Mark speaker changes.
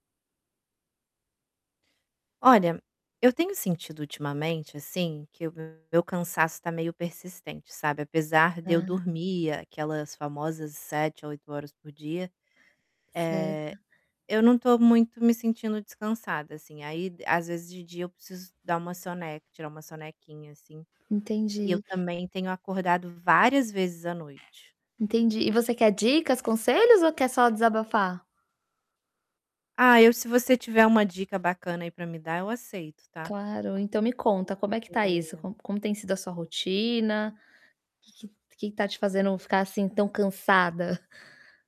Speaker 1: Olha, eu tenho sentido ultimamente, assim, que o meu cansaço tá meio persistente, sabe, apesar de eu
Speaker 2: Hã.
Speaker 1: dormir aquelas famosas 7, 8 horas por dia,
Speaker 2: Certo.
Speaker 1: eh, eu não tô muito me sentindo descansada, assim, aí, às vezes, de dia eu preciso dar uma soneca tirar uma sonequinha, assim, e eu
Speaker 2: Entendi.
Speaker 1: também, tenho acordado várias vezes à noite.
Speaker 2: Entendi. E você quer dicas, conselhos ou quer só desabafar?
Speaker 1: Ah, eu se você tiver uma dica bacana, aí, para me dar, eu aceito, tá
Speaker 2: Claro, então me conta como é que está isso,
Speaker 1: porque
Speaker 2: como como tem sido a sua rotina, que que está te fazendo ficar, assim, tão cansada?